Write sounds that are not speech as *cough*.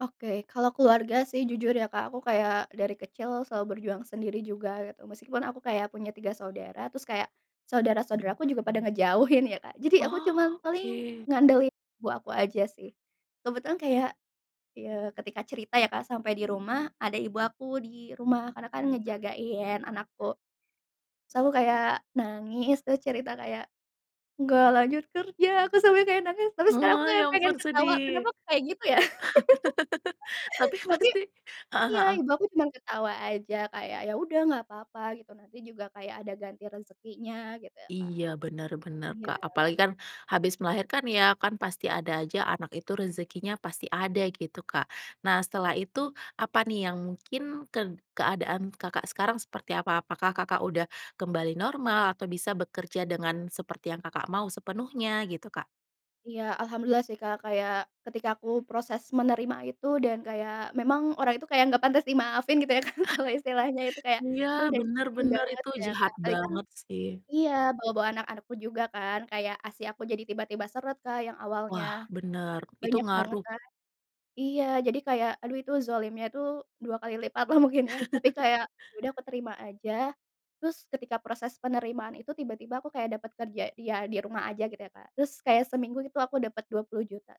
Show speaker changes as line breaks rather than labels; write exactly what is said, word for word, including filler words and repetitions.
Oke. Kalau keluarga, sih, jujur ya, Kak, aku kayak, dari kecil, selalu berjuang sendiri juga, gitu. Meskipun, aku kayak punya tiga saudara, terus kayak, saudara-saudaraku juga pada ngejauhin, ya, Kak. Jadi, aku cuman paling
Oke.
ngandalin ibu aku aja, sih. Kebetulan kayak, ya, ketika cerita, ya, Kak, sampai di rumah, ada ibu aku di rumah. Karena, kan, ngejagain anakku. Sel aku kayak nangis, terus cerita kayak, "Nggak lanjut kerja," aku sampai kayak nangis, tapi sekarang aku
Ah, ya
kayak pengen
ampun,
ketawa,
sedih.
kenapa, kok, kayak gitu, ya?
*laughs*
*laughs*
Tapi
Tapi,
pasti heeh
iya.
heeh.
Ibu aku cuman ketawa aja kayak, "Ya udah, nggak papa," gitu, "nanti juga kayak ada ganti rezekinya," gitu, ya, Kak.
Iya, benar benar,
Iya.
Kak. Apalagi, kan, habis melahirkan, ya. Kan, pasti ada aja, anak itu rezekinya pasti ada, gitu, Kak. Nah, setelah itu, apa, nih, yang mungkin ked keadaan Kakak sekarang seperti apa? Apakah Kakak udah kembali normal, atau bisa bekerja dengan seperti yang Kakak mau sepenuhnya, gitu, Kak?
Iya, alhamdulillah, sih, Kak. Kayak, ketika aku proses menerima itu, dan kayak, memang, orang itu kayak nggak pantas dimaafin, gitu, ya, kan? Kalau istilahnya itu
*chuckles*
kayak,
Iya,
dia udah
benar
nyakitin
benar.
banget,
Itu
gitu, ya, Kak.
jahat
Apalagi kan
banget, sih.
iya, bawa-bawa anak-anakku juga, kan. Kayak, ASI aku jadi tiba-tiba seret, Kak, yang awalnya
Wah, benar. Itu
banyak banget,
ngaruh.
kan. Iya, jadi kayak, aduh, itu, zolimnya itu dua kali lipat, lah, mungkin ya. Tapi
*chuckles*
kayak, ya udah aku terima aja. Terus, ketika proses penerimaan itu, tiba-tiba aku kayak dapat kerja di ya, di rumah aja, gitu, ya, Kak. Terus kayak seminggu gitu aku dapat dua puluh juta sih.